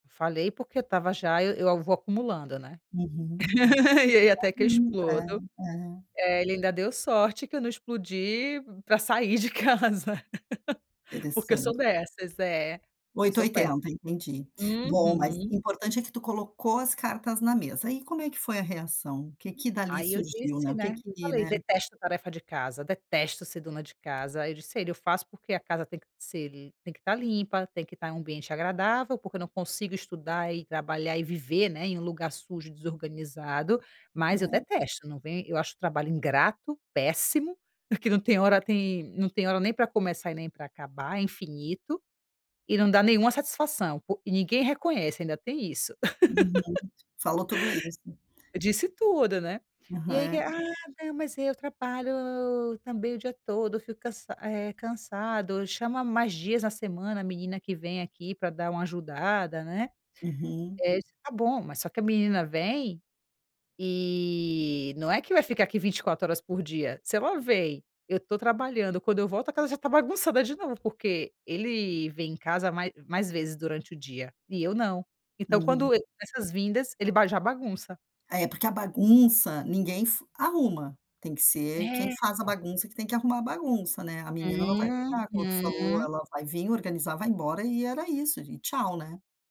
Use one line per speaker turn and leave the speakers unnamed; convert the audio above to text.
Falei, porque, estava já, eu eu vou acumulando, né,
Uhum,
e aí, até que eu
[unintelligible]
explodo,
é, é.
eh, ele ainda deu sorte, que eu não explodi, pra sair de casa, porque, eu sou
Interresante.
dessas, é,
8 ou
sou péssima
80, entendi, bom, mas
uhum.
importante, é que tu colocou as cartas na mesa, aí como é que foi a reação? O que que dali
Aí eu
surgiu, né,
disse,
o que
né, eu
que,
falei:
né?
"Detesto a tarefa de casa, detesto ser dona de casa," aí eu disse a ele, "Eu faço porque a casa tem que se tá limpa, tem que tá em um ambiente agradável, porque, eu não consigo estudar, e trabalhar, e viver, né, em um lugar sujo, desorganizado, mas eu
É.
detesto." Não vem eu acho o trabalho ingrato, péssimo, porque não tem hora, tem não tem hora nem pra começar, e nem pra acabar, é infinito e não dá nenhuma satisfação, pô e ninguém reconhece, ainda tem isso,
Uhum, falou tudo isso.
disse tudo, né,
Aham,
e aí que,
é.
"Ah, não, mas eu trabalho, la la la la também o dia todo, fico cansa eh, cansado, chama mais dias na semana a menina que vem aqui, pra dar uma ajudada, né,"
Uhum.
é isso tá bom, mas só que a menina vem, e não é que vai ficar aqui 24 horas por dia, se ela veio, eu tô trabalhando, quando eu volto, a casa já está bagunçada de novo, porque ele vem em casa, ma mais vezes durante o dia, e eu não, então,
Hum.
quando essas vindas, ele ba já bagunça.
É, porque a bagunça, ninguém f arruma, tem que ser quem
É.
faz a bagunça, que tem que arrumar a bagunça, né, a menina não vai, a outra falou:
Uhum.
"Ela vai vim, organizar vai embora," e era isso e tchau, né.